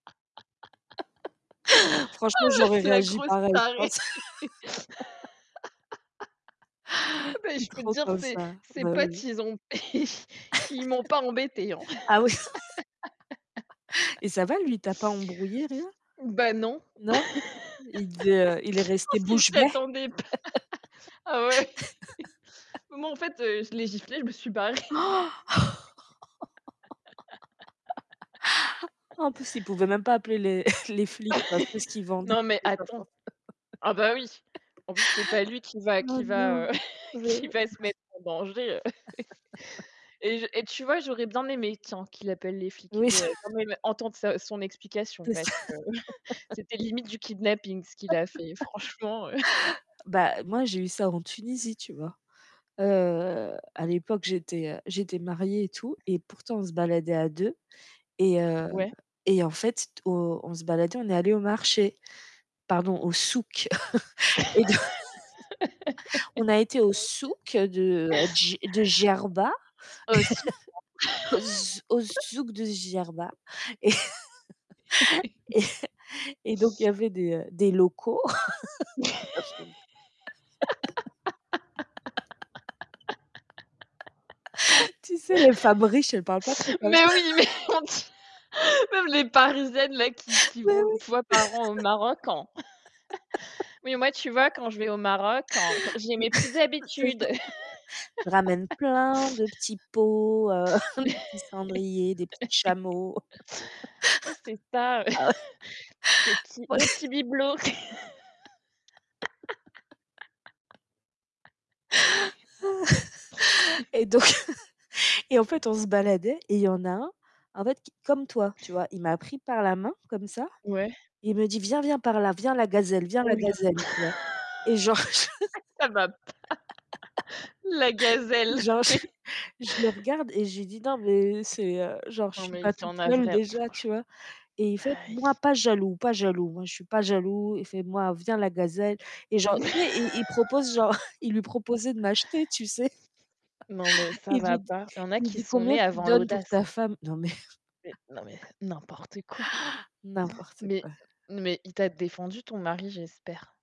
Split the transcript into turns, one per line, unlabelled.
Franchement, j'aurais
Oh mais, la
réagi
grosse
pareil, je
tarée.
pense.
Ah bah,
I
je peux te
trop
dire
comme
ses
ça.
ses
Bah
potes
oui.
ils ont ils m'ont pas embêté hein.
Ah, oui, et ça va, lui il t'a pas embrouillé rien?
Bah non. Je
Non. Il devait heu, il est resté
pense qu'ils
bouche
s'y
bé.
attendaient pas. Ah ouais. Bah moi, en fait, heu, je l'ai giflé, je me suis barrée.
En plus, il pouvait même pas appeler les les flics parce que ce qu'ils vendent
Non, mais
c'est pas
attends.
for
Ah, ben oui. En plus c'est pas lui qui va
Oh,
qui va, heu,
non. Mais
qui
heu
va se mettre en danger, heu, et je et tu vois, j'aurais bien aimé tiens qu'il appelle les flics.
Oui.
J'aurais bien aimé entendre sa son explication,
C'est ça
parce que c'était limite du kidnapping ce qu'il a fait franchement, heu.
Bah, moi j'ai eu ça en Tunisie, tu vois? Heu, à l'époque, j'étais, heu, j'étais mariée et tout et pourtant, on se baladait à 2, et heu
Ouais.
et en fait au on se baladait, on est allés au marché. Pardon au souk et donc on a été au souk de, heu, Dj de Djerba.
Heu, si.
Au z au zouk de Djerba, et et et donc il y avait des, heu, des locaux. [unintelligible] Tu sais, les femmes riches elles parlent pas trop comme ça?
Mais oui, mais, on t même les parisiennes là qui qui
Mais
vont,
oui.
1 fois par an au Maroc en «oui, mais moi, tu vois, quand je vais au Maroc en j'ai mes petites
C'est ça.
habitudes.»
Je ramène plein de petits pots, heu, des petits cendriers, des petits chameaux.
Ouais, c'est ça.
Ah ouais
Des petits
Bon
des
les
petits bibelots.
Et donc et en fait on se baladait et il y en a un en fait qui comme toi, tu vois, il m'a pris par la main comme ça.
Ouais.
Il me dit: «Viens, viens par là. Viens la gazelle, viens la
Ouh là.
gazelle». Tu vois? Et genre je
Ça va pas. La gazelle,
genre je
mais
je le regarde et je lui dis: «Non, mais c'est, heu» genre je
Non,
suis
mais
pas
il y
toute
en a
seule
vrai
déjà,
franch
tu vois et il fait:
aïe.
«Moi, pas jaloux, pas jaloux. Moi, je suis pas jaloux». Il fait: «Moi, viens la gazelle». Et genre tu sais il il il propose genre il lui proposait de m'acheter, tu sais.
Non, mais ça
Il lui
va
dit
pas. Il y en a
il
qui
dit:
sont
«Combien
nés
tu
avant
donnes pour
l'audace,
ta
hein.
femme?» Non, mais
Mais non, mais n'importe quoi.
n'importe
Mais
quoi.
mais il t'a défendu ton mari, j'espère.